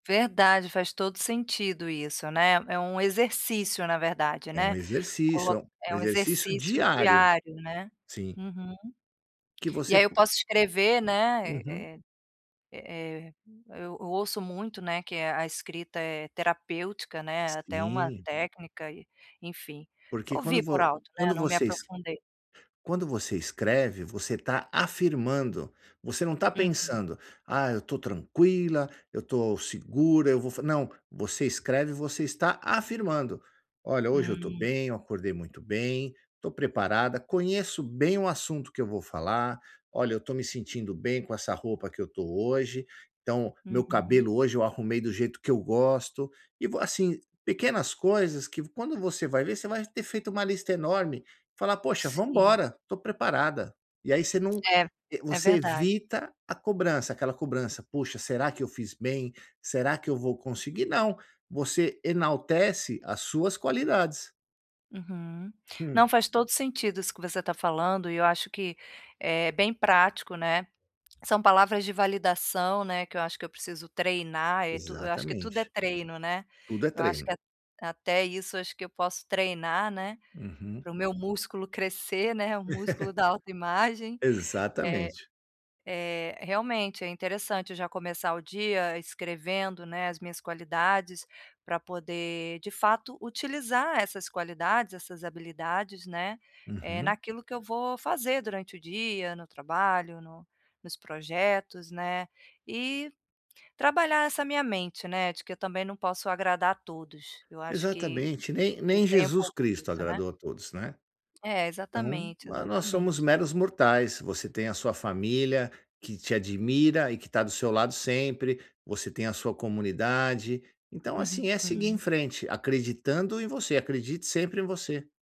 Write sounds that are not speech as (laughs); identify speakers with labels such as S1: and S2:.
S1: Verdade. Faz todo sentido isso, né. É um exercício, na verdade,
S2: É um
S1: né.
S2: exercício,
S1: Colo
S2: é um
S1: é um
S2: exercício
S1: exercício
S2: diário.
S1: diário, né.
S2: Sim.
S1: Uhum.
S2: Que
S1: E
S2: você
S1: aí eu
S2: po
S1: posso escrever, né,
S2: Uhum.
S1: eh eh eh, eu eu ouço muito, né, que a escrita é terapêutica, né, é até uma
S2: Sim.
S1: técnica, e enfim.
S2: Porque, quando
S1: Ouvi por
S2: vo
S1: alto, né.
S2: quando
S1: Não me
S2: vocês
S1: aprofundei.
S2: quando você escreve, você tá afirmando. Você não tá
S1: Uhum.
S2: pensando: “Ah, eu tô tranquila. Eu tô segura. Eu vou f”. Não. Você escreve, você está afirmando: “Olha, hoje eu tô
S1: Hum.
S2: bem. Eu acordei muito bem. Tô preparada. Conheço bem o assunto que eu vou falar. Olha, eu tô me sentindo bem com essa roupa que eu tô hoje. Então, meu
S1: Uhum.
S2: cabelo hoje eu arrumei do jeito que eu gosto. E vou”, assim, pequenas coisas que, v quando você vai ver, você vai ter feito uma lista enorme. Falar: “Poxa, vamos
S1: Sim.
S2: embora. Tô preparada”. E aí você não
S1: É,
S2: eh,
S1: é
S2: você
S1: verdade.
S2: evita a cobrança. Aquela cobrança: “Puxa, será que eu fiz bem? Será que eu vou conseguir?”. Não, você enaltece as suas qualidades.
S1: Uhum. Não,
S2: Hum.
S1: faz todo sentido isso que você tá falando. E eu acho que é bem prático, né. São palavras de validação, né, que eu acho que eu preciso treinar. Eh, tu eu acho que tudo é
S2: Exatamente.
S1: treino, né?
S2: Tudo é
S1: Eu acho
S2: treino.
S1: que a até isso acho que eu posso treinar, né,
S2: Uhum.
S1: pro meu músculo crescer, né. O músculo da
S2: (laughs)
S1: autoimagem. Eh
S2: Exatamente.
S1: eh, realmente é interessante já começar o dia escrevendo, né, as minhas qualidades, pra poder, de fato, utilizar essas qualidades, essas habilidades, né, eh,
S2: Uhum.
S1: naquilo que eu vou fazer durante o dia, no trabalho, no nos projetos, né? E trabalhar essa minha mente, né? De que eu também não posso agradar a todos. Eu acho que
S2: Exatamente. Nem
S1: que
S2: nem
S1: tem um
S2: Jesus
S1: pouco
S2: Cristo
S1: disso, né?
S2: agradou a todos, né?
S1: É,
S2: Então,
S1: exatamente,
S2: mas nós somos
S1: exatamente.
S2: meros mortais. Você tem a sua família, que te admira e que tá do seu lado sempre. Você tem a sua comunidade. Então, assim, é seguir em
S1: Uhum.
S2: frente, acreditando em você. Acredite sempre em você.